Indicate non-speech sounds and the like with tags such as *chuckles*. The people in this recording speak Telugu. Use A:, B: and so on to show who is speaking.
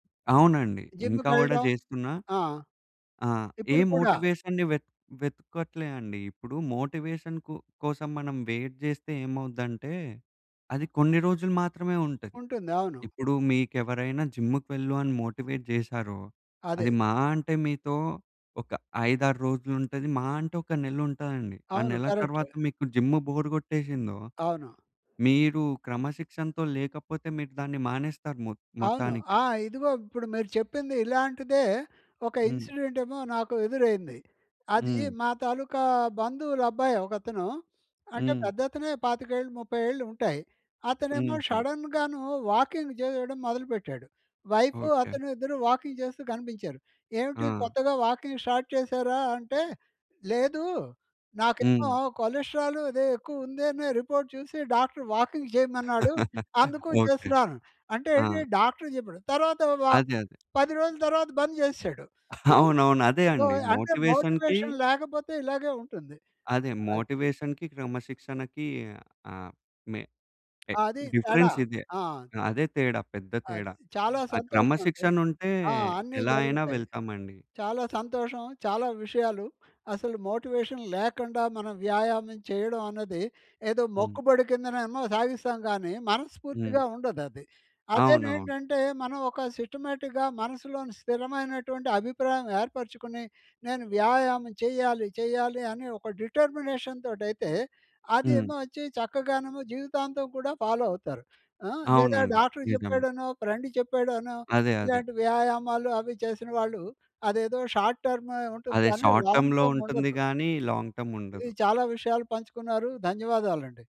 A: అవునండి. ఇంకా గూడా
B: జిమ్ముకెళ్ళడం.
A: జేస్తున్నా.
B: ఆ!
A: ఆ! ఏ
B: ఇప్పుడు కూడా.
A: మోటివేషన్‌ని వెత్ వెతక్కోట్లే అండి. ఇప్పుడు మోటివేషన్‌ కు కోసం మనం వెయిట్ జేస్తే ఏమవుద్దంటే, అది కొన్ని రోజులు మాత్రమే ఉంటది.
B: ఉంటుంది. అవును.
A: ఇప్పుడు మీకెవరైనా జిమ్ముకు వెళ్ళు అని మోటివేట్ జేశారో,
B: అదే.
A: అది మహా అంటే, మీతో ఒక 5, 6 రోజులుంటది. మహా అంటే, ఒక నెలుంటదండి. ఆ
B: అవును.
A: నెల
B: కరక్ట్.
A: తర్వాత మీకు జిమ్ము బోరు గొట్టేసిందో,
B: అవును.
A: మీరు క్రమశిక్షణతో లేకపోతే మీరు దాన్ని మానేస్తారు. మొత్
B: అవును.
A: మొత్తానికే.
B: ఆ! ఇదిగో ఇప్పుడు మీరు చెప్పింది, ఇలాంటిదే ఒక
A: హ్మ్.
B: ఇన్సిడెంటేమో నాకు ఎదురైంది. అదీ
A: హ్మ్.
B: మా తాలూకా బంధువులబ్బాయి ఒకతను. అంటే,
A: హ్మ్.
B: పెద్దతనే 25 ఏళ్ళు, 30 ఏళ్ళు ఉంటాయి. అతనేమో
A: హుహు.
B: షడన్‌గానూ వాకింగు జెయ్యడం మొదలు పెట్టాడు. Wife,
A: okay.
B: అతను ఇద్దరు వాకింగ్ చేస్తూ కనిపించారు. "ఏవిటి
A: ఆ!
B: కొత్తగా వాకింగ్ స్టార్ట్ చేశారా?" అంటే, "లేదు. నాకేమో
A: హ్మ్.
B: కొలస్ట్రాలు అదే ఎక్కువుందేనే రిపోర్ట్ చూసి డాక్టర్ వాకింగ్ జెయమన్నాడు.
A: *chuckles*
B: అందుకూ
A: ఓకే.
B: చేస్తున్నాను." అంటే ఏంటి,
A: ఆ!
B: డాక్టర్ చెప్పాడు. తరువాత వా
A: అదే. అదే.
B: 10 రోజులు తర్వాత బంద్ చేసేశాడు.
A: *chuckles*
B: హ్మ్.
A: అవునవును. అదే
B: సో,
A: అండి.
B: అంటే,
A: మోటివేషన్‌కి
B: మోటివేషన్ లేకపోతే ఇలాగే ఉంటుంది.
A: అదే
B: అది.
A: మోటివేషన్‌కి, క్రమశిక్షణకీ ఆహ్, మే ఎ
B: అది తేడా.
A: డిఫరెన్సిదే.
B: ఆ!
A: ఆ! అదే తేడా. పెద్ద
B: అది
A: తేడా.
B: చాలా
A: ఆ
B: సంతోషమండి.
A: క్రమశిక్షణుంటే
B: ఆ! అన్నీ
A: ఎలా అయినా
B: జరుగుతాయి.
A: వెళ్తామండి.
B: చాలా సంతోషం. చాలా విషయాలు అసలు మోటివేషన్ లేకండా, మనం వ్యాయామం చెయ్యడం అన్నది ఏదో
A: హ్మ్.
B: మొక్కుబడి కిందనేమో సాగిస్తాం గానీ,
A: హ్మ్.
B: మనస్ఫూర్తిగా ఉండదది.
A: అవునవును.
B: అదేనేంటంటే, మనం ఒక సిస్టమాటిక్‌గా మనసులోని స్థిరమైనటువంటి అభిప్రాయం ఏర్పరుచుకుని, నేను వ్యాయామం చెయ్యాలి, చెయ్యాలి అని ఒక డిటర్మినేషన్‌తోటయితే,
A: హ్మ్
B: అదేమో ఒచ్చి చక్కగానేమో జీవితాంతం కూడా ఫాలో అవుతారు. ఆ! లేదా
A: అవునండి.
B: డాక్టర్
A: నిజమే.
B: చెప్పాడనో, ఫ్రెండు చెప్పాడనో,
A: అదే. అదే.
B: ఇలాంటి వ్యాయామాలు అవి చేసిన వాళ్ళు, అదేదో షార్ట్ టర్మే ఉంటుంది,
A: అదే.
B: కానీ
A: షార్ట్
B: లాంగ్
A: టర్మ్‌లో ఉంటుంది
B: టర్ముండదు.
A: గానీ, లాంగ్
B: ఇది
A: టర్ముండదు.
B: చాలా విషయాలు పంచుకున్నారు. ధన్యవాదాలండి.